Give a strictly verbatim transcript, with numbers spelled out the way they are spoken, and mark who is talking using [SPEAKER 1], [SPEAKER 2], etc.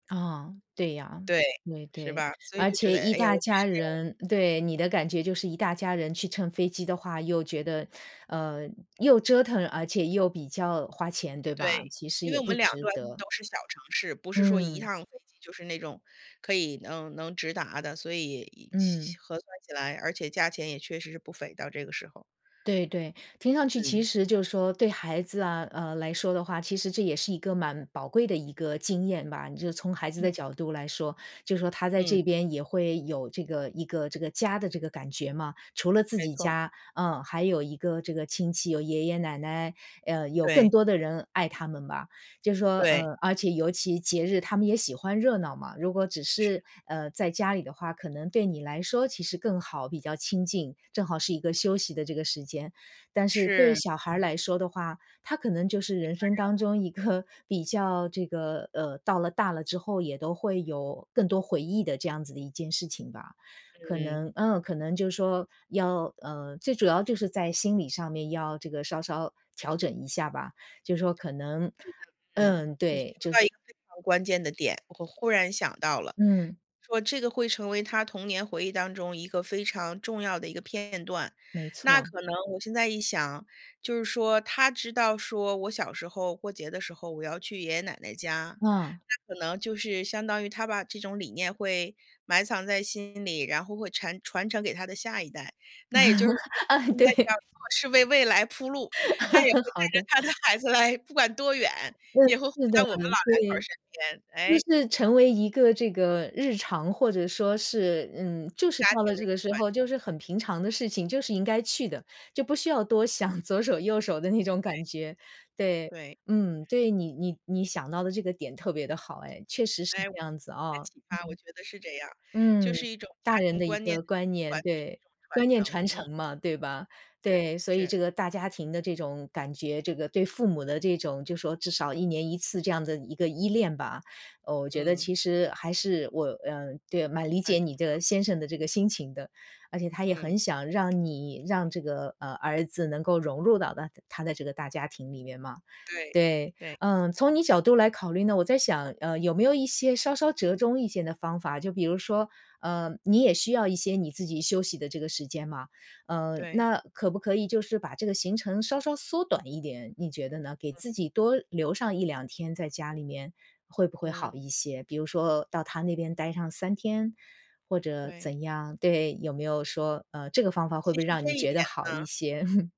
[SPEAKER 1] 啊，对呀，
[SPEAKER 2] 对，
[SPEAKER 1] 对
[SPEAKER 2] 是
[SPEAKER 1] 对。
[SPEAKER 2] 吧，所以
[SPEAKER 1] 而
[SPEAKER 2] 就觉得，
[SPEAKER 1] 且一
[SPEAKER 2] 哎呀，
[SPEAKER 1] 大
[SPEAKER 2] 我的
[SPEAKER 1] 家
[SPEAKER 2] 时间
[SPEAKER 1] 人对，你的感觉就是一大家人去乘飞机的话，又觉得，呃，又折腾而且又比较花钱，对吧？
[SPEAKER 2] 对，
[SPEAKER 1] 其实
[SPEAKER 2] 因为
[SPEAKER 1] 也
[SPEAKER 2] 我们
[SPEAKER 1] 不
[SPEAKER 2] 两
[SPEAKER 1] 值
[SPEAKER 2] 端
[SPEAKER 1] 得。
[SPEAKER 2] 都是小城市，不是说一
[SPEAKER 1] 嗯。
[SPEAKER 2] 趟飞机就是那种可以能能直达的，所以也其
[SPEAKER 1] 嗯。
[SPEAKER 2] 其核算起来，而且价钱也确实是不菲，到这个时候。
[SPEAKER 1] 对对。听上去其
[SPEAKER 2] 嗯。
[SPEAKER 1] 实就是说对孩子啊，呃，来说的话，其实这也是一个蛮宝贵的一个经验吧。你就从孩子
[SPEAKER 2] 嗯。
[SPEAKER 1] 的角度来说，就是说他在
[SPEAKER 2] 嗯。
[SPEAKER 1] 这边也会有这个一个这个家的这个感觉嘛。除了自
[SPEAKER 2] 没
[SPEAKER 1] 己
[SPEAKER 2] 错。
[SPEAKER 1] 家，嗯，还有一个这个亲戚，有爷爷奶奶，嗯，有更
[SPEAKER 2] 对。
[SPEAKER 1] 多的人爱他们吧。就是说
[SPEAKER 2] 对。
[SPEAKER 1] 呃，而且尤其节日，他们也喜欢热闹嘛，如果只
[SPEAKER 2] 是。
[SPEAKER 1] 是，呃，在家里的话，可能对你来说其实更好，比较清静，正好是一个休
[SPEAKER 2] 嗯。
[SPEAKER 1] 息的这个时间，但是对
[SPEAKER 2] 是。
[SPEAKER 1] 小孩儿来说的话，他可能就是人生当中一个比较这个呃，到了大了之后也都会有更多回忆的这样子的一件事情吧。可能
[SPEAKER 2] 嗯。
[SPEAKER 1] 嗯，可能就是说要呃，最主要就是在心理上面，要这个稍稍调整一下吧，就是说可能
[SPEAKER 2] 觉得嗯，
[SPEAKER 1] 嗯，
[SPEAKER 2] 你说
[SPEAKER 1] 对，就
[SPEAKER 2] 到一
[SPEAKER 1] 是
[SPEAKER 2] 个非常关键的点，我忽然想到了
[SPEAKER 1] 嗯。
[SPEAKER 2] 说这个会成为他童年回忆当中一个非常重要的一个片段。
[SPEAKER 1] 没
[SPEAKER 2] 那
[SPEAKER 1] 错。
[SPEAKER 2] 可能我现在一想，就是说，他知道说：“我小时候过节的时候，我要去爷爷奶奶家“，
[SPEAKER 1] 嗯。
[SPEAKER 2] 那可能就是相当于他把这种理念会埋藏在心里，然后会馋-传承给他的下一代，那也就是说
[SPEAKER 1] 啊，
[SPEAKER 2] 现在这样
[SPEAKER 1] 对。
[SPEAKER 2] 做是为未来铺路，他也会 带
[SPEAKER 1] 好
[SPEAKER 2] 着
[SPEAKER 1] 的。
[SPEAKER 2] 他的孩子来，不管多远，
[SPEAKER 1] 嗯，
[SPEAKER 2] 也会回
[SPEAKER 1] 是的，
[SPEAKER 2] 到我们老两口儿
[SPEAKER 1] 对。
[SPEAKER 2] 身
[SPEAKER 1] 就
[SPEAKER 2] 边，诶。
[SPEAKER 1] 是成为一个这个日常，或者说是嗯，就是
[SPEAKER 2] 家
[SPEAKER 1] 到
[SPEAKER 2] 庭
[SPEAKER 1] 了
[SPEAKER 2] 的
[SPEAKER 1] 这
[SPEAKER 2] 一
[SPEAKER 1] 个
[SPEAKER 2] 个
[SPEAKER 1] 时
[SPEAKER 2] 传
[SPEAKER 1] 候
[SPEAKER 2] 承。
[SPEAKER 1] 就是很平常的事情，就是应该去的，就不需要多想左手右手的那种
[SPEAKER 2] 对。
[SPEAKER 1] 感觉。对，
[SPEAKER 2] 对。
[SPEAKER 1] 嗯。对，你你你想到的这个点特别的好哎，确实是
[SPEAKER 2] 哎，我听了
[SPEAKER 1] 这样子
[SPEAKER 2] 你的
[SPEAKER 1] 啊。
[SPEAKER 2] 启发，我觉得是这样，就
[SPEAKER 1] 嗯，
[SPEAKER 2] 是一种家
[SPEAKER 1] 大人
[SPEAKER 2] 庭
[SPEAKER 1] 的一
[SPEAKER 2] 观念
[SPEAKER 1] 个观念。
[SPEAKER 2] 团聚的一
[SPEAKER 1] 对，
[SPEAKER 2] 种传
[SPEAKER 1] 观念
[SPEAKER 2] 承，
[SPEAKER 1] 传
[SPEAKER 2] 嗯。
[SPEAKER 1] 承嘛，对吧？
[SPEAKER 2] 是
[SPEAKER 1] 对，所以
[SPEAKER 2] 是。
[SPEAKER 1] 这个大家庭的这种感觉，这个对父母的这种，就是说至少一年一次这样的一个依恋吧。哦，我觉得
[SPEAKER 2] 嗯。
[SPEAKER 1] 其实还是我呃，对呀，蛮理
[SPEAKER 2] 很
[SPEAKER 1] 解
[SPEAKER 2] 重
[SPEAKER 1] 你
[SPEAKER 2] 要。
[SPEAKER 1] 的先生的这个心情的。而且他也
[SPEAKER 2] 嗯。
[SPEAKER 1] 很想让你，让这个，呃，儿子能够融入到大他的这个大家庭里面嘛。
[SPEAKER 2] 对
[SPEAKER 1] 对，
[SPEAKER 2] 对。
[SPEAKER 1] 嗯，从你角度来考虑呢，我在想，呃，有没有一些稍稍折中一些的方法，就比如说，呃，你也需要一些你自己休息的这个时间嘛，嗯，
[SPEAKER 2] 对。
[SPEAKER 1] 那可不可以就是把这个行程稍稍缩短一点，你觉得呢？给
[SPEAKER 2] 嗯。
[SPEAKER 1] 自己多留上一两天在家里面，会不会好
[SPEAKER 2] 嗯。
[SPEAKER 1] 一些？比如说到他那边待上三天，或者
[SPEAKER 2] 对。
[SPEAKER 1] 怎样？对，有没有说，呃，这个方法会不
[SPEAKER 2] 其
[SPEAKER 1] 会
[SPEAKER 2] 实
[SPEAKER 1] 让
[SPEAKER 2] 这
[SPEAKER 1] 你
[SPEAKER 2] 一
[SPEAKER 1] 觉
[SPEAKER 2] 点
[SPEAKER 1] 得好
[SPEAKER 2] 呢
[SPEAKER 1] 一些？